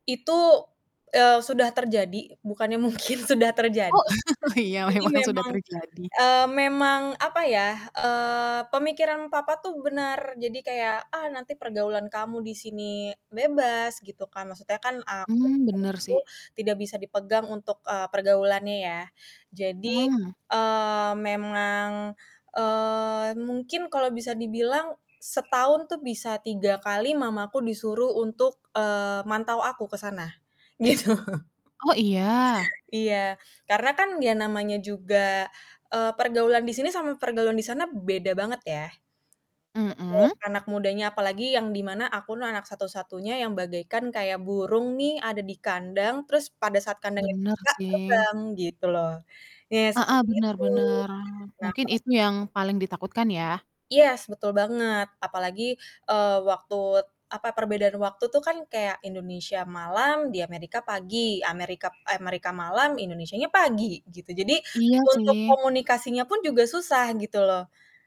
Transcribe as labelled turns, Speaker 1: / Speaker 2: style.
Speaker 1: Itu, eee, sudah terjadi bukannya mungkin sudah
Speaker 2: Oh
Speaker 1: terjadi.
Speaker 2: iya
Speaker 1: jadi
Speaker 2: memang sudah
Speaker 1: memang,
Speaker 2: terjadi.
Speaker 1: eee, memang, apa ya, eee, pemikiran papa tuh benar jadi kayak, "Ah, nanti pergaulan kamu di sini bebas," gitu kan maksudnya kan aku pada
Speaker 2: Mmm,
Speaker 1: saat
Speaker 2: bener
Speaker 1: itu
Speaker 2: sih.
Speaker 1: tidak bisa dipegang untuk, eee, pergaulannya ya. Jadi,
Speaker 2: Mmm.
Speaker 1: eee, memang, eee, mungkin kalau bisa dibilang setahun tuh bisa 3 kali mamaku disuruh untuk, eee, mantau aku ke sana gitu
Speaker 2: Oh, iya?
Speaker 1: iya karena kan ya namanya juga, eee, pergaulan di sini sama pergaulan di sana beda banget ya. [unintelligible]
Speaker 2: Mhm?
Speaker 1: Anak mudanya apalagi yang di mana aku tuh anak satu-satunya yang bagaikan kayak burung nih ada di kandang, terus pada saat kandangnya
Speaker 2: Bener
Speaker 1: dibuka
Speaker 2: sih.
Speaker 1: terbang gitu loh. Iya
Speaker 2: Heeh,
Speaker 1: seperti
Speaker 2: benar
Speaker 1: itu.
Speaker 2: benar. Oh,
Speaker 1: Nah,
Speaker 2: mungkin
Speaker 1: kalau
Speaker 2: itu yang paling ditakutkan ya?
Speaker 1: Yes, betul banget. Apalagi, eee, waktu, apa, perbedaan waktu tuh kan kayak Indonesia malam di Amerika pagi. Amerika p eh, Amerika malam Indonesianya pagi, gitu. Jadi
Speaker 2: Iya
Speaker 1: untuk
Speaker 2: sih.
Speaker 1: komunikasinya pun juga susah gitu loh.